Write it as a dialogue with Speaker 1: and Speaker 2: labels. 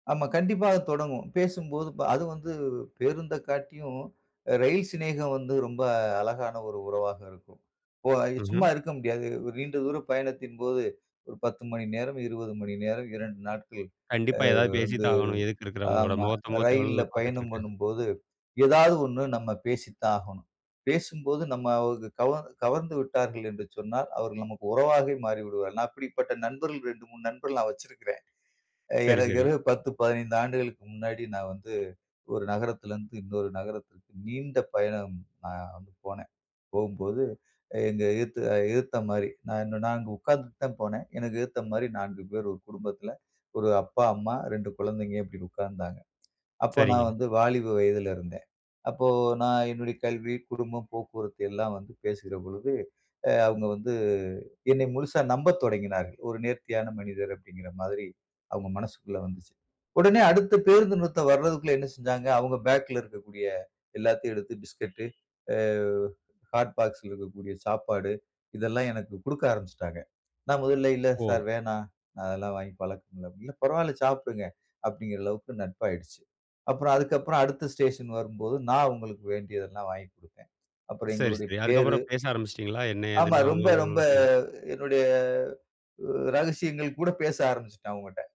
Speaker 1: ஆமா கண்டிப்பா அது தொடங்கும். பேசும்போது பா அதும் வந்து பேருந்த காட்டியும், ரயில் சிநேகம் வந்து ரொம்ப அழகான ஒரு உறவாக இருக்கும். ஓ சும்மா
Speaker 2: ம்ஹம்.
Speaker 1: இருக்க முடியாது. நீண்ட தூர பயணத்தின் போது ஒரு 10 மணி நேரம், 20 மணி நேரம் 2 நாட்கள்
Speaker 2: கண்டிப்பா
Speaker 1: ஆ
Speaker 2: ஏதாது பேசி
Speaker 1: வந்து
Speaker 2: தான் ஆகணும். எதுக்க இருக்கிறவங்களோட.
Speaker 1: ஆமா
Speaker 2: முகத்த முகத்த எவ்வளோ
Speaker 1: ரயில்ல
Speaker 2: தூரம் பாத்துட்டு
Speaker 1: பயணம்
Speaker 2: இருக்க.
Speaker 1: பண்ணும்போது, ஏதாது ஒண்ணு நம்ம பேசித்தான் ஆகணும். பேசும்போது நம்ம கவர்ந் கவர்ந்துவிட்டார்கள் என்று சொன்னால், அவர்கள் நமக்கு உறவாகவே மாறிவிடுவார்கள். நா அப்டிப்பட்ட நண்பர்கள் 2, 3 நண்பர்கள் நான் வெச்சிருக்றேன். ஆ
Speaker 2: சரி, சரி.
Speaker 1: [unintelligible] 10, 15 ஆண்டுகளுக்கு முன்னாடி நான் வந்து ஒரு நகரத்ல இருந்து இன்னொரு நகரத்திற்கு நீண்ட பயணம் நான் போனேன். போம்போது எங்க எதுத்துல எதுத்த மாரி. நான் நான் அங்கே உட்காந்துட்டு தான் போனேன். எனக்கு எதுத்த மாரி 4 பேர் ஒரு குடும்பத்ல. 1 அப்பா, அம்மா, 2 குழந்தைங்க இப்டினு உக்கார்ந்தாங்க. அப்ப நான்
Speaker 2: சரிங்க.
Speaker 1: வந்து வாலிப வயதில இருந்தேன். அப்போ நான் என்னுடைய கல்வி, குடும்பம், போக்குவரத்து எல்லாம் வந்து பேசுகிற பொழுது, அ அவுங்க வந்து என்னை முழுசா நம்பத் தொடங்கினார்கள். "ஒரு நேர்த்தியான மனிதர்" அப்டின்கிற மாதிரி, அவுங்க மனசுக்குள்ள வந்துச்சு. உடனே அடுத்த பேருந்து நிறுத்தம் வர்றதுக்குள்ள என்ன செஞ்சாங்க, அவங்க பேக்ல இருக்கக்கூடிய எல்லாத்தையும் எடுத்து பிஸ்கட்டு, ஆ ஹாட் பாக்ஸ்ல இருக்கக்கூடிய சாப்பாடு இதெல்லாம் எனக்கு குடுக்க ஆரம்பிச்சுட்டாங்க. நான் முதல்ல "இல்ல
Speaker 2: ஓ!
Speaker 1: சார் வேணாம், அதெல்லா வாங்கி பழக்கம் இல்ல". "இல்ல, பரவாயில்ல சாப்டுங்க" அப்டின்கிற அளவுக்கு நட்பாயிடுச்சு. அப்புறம் அதுக்கு அப்புறம் அடுத்த ஸ்டேஷன் வரும்போது நான் அவுங்களுக்கு வேண்டியதல்லாம் வாங்கி குடுத்தேன். அப்புறம்
Speaker 2: சரி,
Speaker 1: எங்களுடைய
Speaker 2: சரி.
Speaker 1: பேரு
Speaker 2: அதுக்கப்புறம் பேச ஆரம்பிச்சிட்டீங்களா? என்ன,
Speaker 1: ஆமா
Speaker 2: ஏதுன்னு அவுங்க
Speaker 1: ரொம்ப, ரொம்ப
Speaker 2: அவுங்களோட. [unintelligible]
Speaker 1: என்னுடைய ரகசியங்கள் கூட பேச ஆரம்பிச்சுட்டேன் அவுங்கிட்ட.